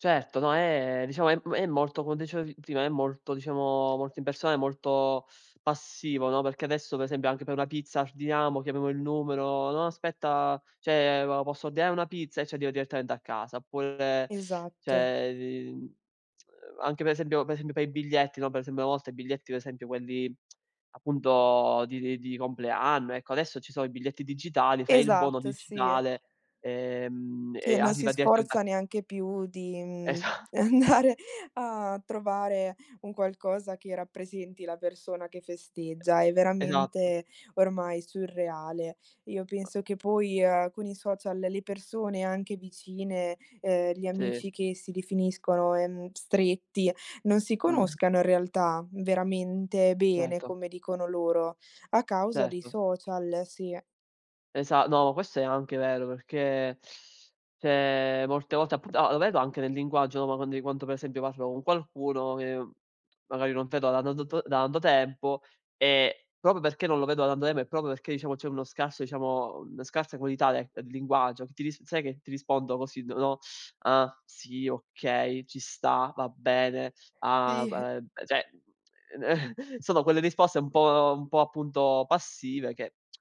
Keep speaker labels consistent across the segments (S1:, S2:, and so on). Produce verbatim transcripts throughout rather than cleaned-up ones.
S1: Certo, no, è, diciamo, è m molto, come dicevi prima, è molto diciamo, molte persone molto passivo, no, perché adesso, per esempio, anche per una pizza ardiniamo, chiamiamo il numero: "No aspetta, ceh, m ma posso ordinare una pizza?" E ci arriva direttamente a casa. Oppure
S2: Esatto.
S1: ceh, lin uhm, anche per esempio per esempio, per i biglietti, no, per esempio, una volta, i biglietti pe esempio, quelli, appunto, di di di compleanno, ecco, adesso ci so' i biglietti digitali, fai il buono
S2: Esatto, sì e
S1: digitale, ehm,
S2: e che
S1: e
S2: non si
S1: arriva direttamente a
S2: sforza neanche più di, mhmm,
S1: Esatto.
S2: andare a trovare un qualcosa che rappresenti la persona che festeggia. È
S1: [unintelligible]
S2: veramente ormai surreale. Io penso che poi, uhm, con i social le persone anche vicine, ehm, gli
S1: Sì.
S2: amici che si definiscono, ehm, stretti non si
S1: Mh.
S2: conoscano in realtà, veramente bene,
S1: Certo.
S2: come dicono loro a causa dei
S1: Certo.
S2: social, sì.
S1: Esa no, questo è anche vero, perché, ceh, molte volte, appu ah, lo vedo anche nel linguaggio, no, ma quando quanto, per esempio, parlo con qualcuno, che, magari, non tedo [unintelligible] da tato tanto tempo e, proprio perché non lo vedo da tanto tempo e proprio perché, iciamo, c'è uno scarso, iciamo una scarsa qualità dec linguaggio, ti ris sai che ti rispondo così d no: "Ah, sì, okay, ci sta, va bene, ah b
S2: Sì.
S1: eh", ceh, sono quelle risposte un po' un po', appunto, passive che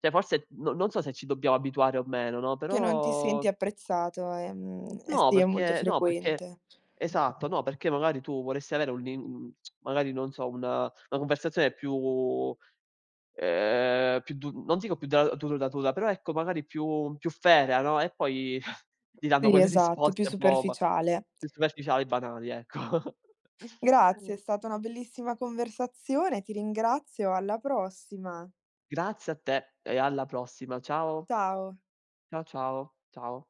S1: ceh, forse, no non so se ci dobbiamo abituare o meno, no,
S2: Che non ti senti
S1: però
S2: apprezzato, ehm, e
S1: No,
S2: sì, è molto
S1: perché no, perché
S2: frequente.
S1: esatto, no, perché, magari, tu vorresti avere un lin magari, non so, una una conversazione più, ehm, più du non dico più da duradatura però, ecco, magari, più più ferrea, no, e poi ti danno
S2: Quindi
S1: quelle
S2: esatto, più
S1: risposte un po' ba
S2: superficiale.
S1: più
S2: q
S1: superficiali, banali, ecco.
S2: Grazie, è stata una bellissima conversazione. Ti ringrazio, alla prossima.
S1: Grazie a te e alla prossima, ciao.
S2: Ciao.
S1: Cia ciao, ciao.